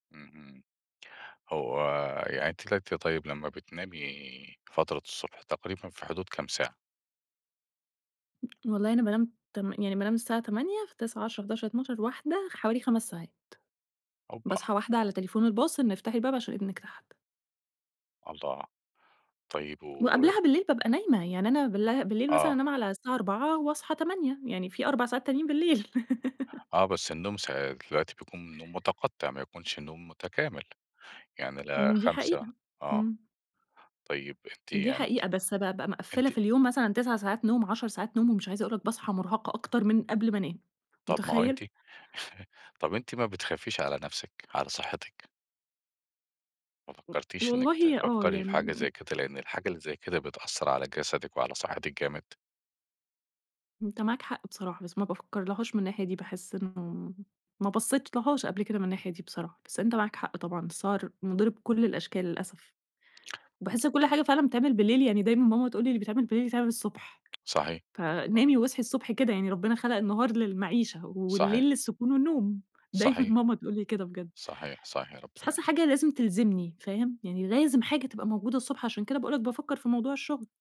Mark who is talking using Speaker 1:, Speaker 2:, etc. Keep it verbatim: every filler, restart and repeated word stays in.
Speaker 1: اهم، هو يعني أنتِ طلعتِ طيب، لمّا بتنامي فترة الصبح تقريبًا في حدود كام ساعة؟
Speaker 2: والله أنا بانام تم يعني بانام الساعة تمانية فتسعة، عشرة، حداشر، اتناشر، واحده حوالي خَمس ساعات.
Speaker 1: أُوبَّا.
Speaker 2: باصحى واحده على تليفون الباص، إن افتحي الباب عشان إبنك تحت.
Speaker 1: الله، طيب و
Speaker 2: وقبلها بالليل بابقى نايمة، يعني أنا بال بالليل مثلًا
Speaker 1: آه.
Speaker 2: أنام على الساعة أربعة واصحى تمانية، يعني في أربع ساعات تانيين بالليل.
Speaker 1: آه، بس النوم س دلوقتي بيكون النوم متقَطَع ما يكونش نوم متكامل، يعني لا،
Speaker 2: إمم، دي
Speaker 1: خمسة
Speaker 2: حقيقة
Speaker 1: آه،
Speaker 2: إمم.
Speaker 1: طيب، أنتِ
Speaker 2: دي
Speaker 1: يعني أنتِ
Speaker 2: حقيقة، بس بابقى مِقفلة في
Speaker 1: أنتِ
Speaker 2: اليوم مثلًا تِسع ساعات نوم عَشر ساعات نوم ومش عايزة أقول لك باصحى مرهَقة أكتر من قبل ما انام،
Speaker 1: طب، ما هو أنتِ
Speaker 2: متخيِل؟
Speaker 1: طب، أنتِ ما بتخافيش على نفسِك، على صحتِك؟ ما فكرتيش إنك
Speaker 2: والله آه،
Speaker 1: تفَكَري في
Speaker 2: يعني
Speaker 1: حاجة
Speaker 2: ام
Speaker 1: زي كده، لأن الحاجة اللي زي كده بتأثر على جسدِك وعلى صحتِك جامد.
Speaker 2: أنت معاك حق بصراحة بس ما بافكر لهاش من الناحية دي، باحس إنه ما بصيتلهاش قبل كده من الناحية دي بصراحة، بس أنت معاك حق طبعًا، السهَر مُضِر بكل الأشكال للأسف، وباحس إن كل حاجة فعلًا بتتعمل بالليل يعني دايمًا ماما تقول لي: "اللي بيتعمل بالليل يتعمل الصبح،
Speaker 1: صحيح، صحيح.
Speaker 2: فنامي واصحي الصبح كده يعني، ربنا خلق النهار للمعيشة
Speaker 1: صحيح.
Speaker 2: والليل للسكون والنوم" دايمًا
Speaker 1: صحيح.
Speaker 2: ماما تقول لي كده بجد.
Speaker 1: صحيح، صحيح،
Speaker 2: بس
Speaker 1: ربنا
Speaker 2: حاسة
Speaker 1: يحفظِك.
Speaker 2: الحاجة لازم تلزمني، فاهم؟ يعني لازم حاجة تبقى موجودة الصبح، عشان كده باقول لك بافكر في موضوع الشغل.